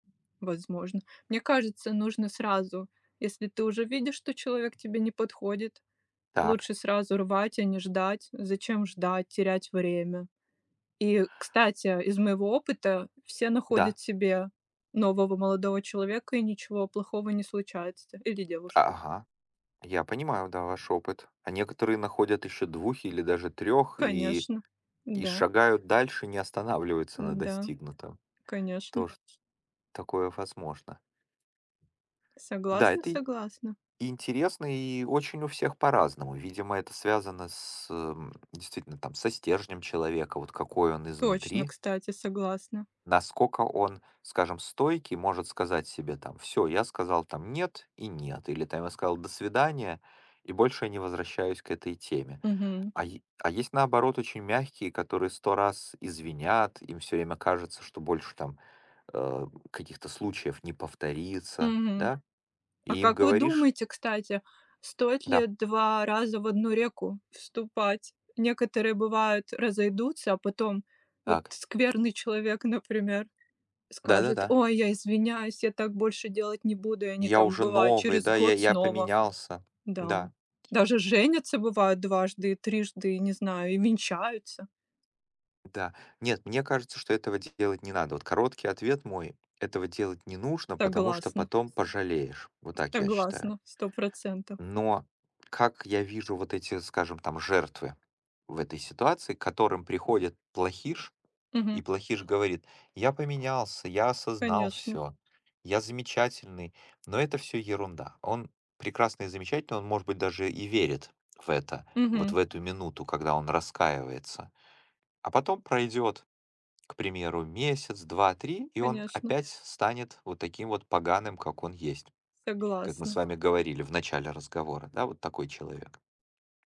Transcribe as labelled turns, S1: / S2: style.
S1: Возможно. Мне кажется, нужно сразу, если ты уже видишь, что человек тебе не подходит,
S2: Так.
S1: лучше сразу рвать, а не ждать. Зачем ждать, терять время? И, кстати, из моего опыта все
S2: Да.
S1: находят себе нового молодого человека- и ничего плохого не случается. Или девушку.
S2: Ага, я понимаю, да, ваш опыт. А некоторые находят ещё 2 или даже 3 и
S1: Конечно,
S2: и
S1: да.
S2: шагают дальше, не останавливаются на
S1: Н-да.
S2: достигнутом.
S1: Конечно.
S2: Тоже, такое возможно. Да,
S1: Согласна,
S2: это и
S1: согласна.
S2: и интересно, и очень у всех по-разному. Видимо, это связано с, эм, действительно там со стержнем человека, вот какой он
S1: Точно,
S2: изнутри.
S1: кстати, согласна.
S2: Насколько он, скажем, стойкий, может сказать себе там: "Всё, я сказал там" нет "и нет". Или там я сказал: "До свидания"- и больше я не возвращаюсь к этой теме.
S1: Мгм.
S2: А е а есть, наоборот, очень мягкие, которые 100 раз извинят, им всё время кажется, что больше там, эм, каких-то случаев не повторится.
S1: Мгм.
S2: Да?
S1: А
S2: И им
S1: как вы
S2: говоришь
S1: думаете, кстати, стоит
S2: Да.
S1: ли два раза в одну реку вступать? Некоторые, бывает, разойдутся, а потом вот
S2: Так.
S1: скверный человек, например, скажет:
S2: Да-да-да.
S1: "Ой, я извиняюсь, я так больше делать не буду". И
S2: И
S1: они
S2: я
S1: там,
S2: уже
S1: бывает,
S2: новый,
S1: через
S2: да, я
S1: год
S2: я
S1: снова.
S2: поменялся.
S1: Да.
S2: Да.
S1: Даже женятся, бывает, дважды, и трижды, не знаю, и венчаются.
S2: Да. Нет, мне кажется, что этого делать не надо. Вот короткий ответ мой: этого делать не нужно, потому что
S1: Согласна.
S2: потом пожалеешь, вот так я считаю.
S1: Согласна, 100 %.
S2: Но как я вижу вот эти, скажем, там жертвы в этой ситуации, к которым приходит плохиш, и
S1: Мгм.
S2: плохиш говорит: "Я поменялся, я осознал
S1: Конечно.
S2: всё, я замечательный". Но это всё ерунда. Он прекрасный и замечательный, он, может быть, даже и верит в это вот
S1: Мгм.
S2: в эту минуту, когда он раскаивается, а потом пройдёт, к примеру, месяц, 2, 3, и он
S1: Конечно.
S2: опять с станет вот таким вот поганым, как он есть. Как мы с
S1: Согласна.
S2: вами говорили в начале разговора, да, вот такой человек.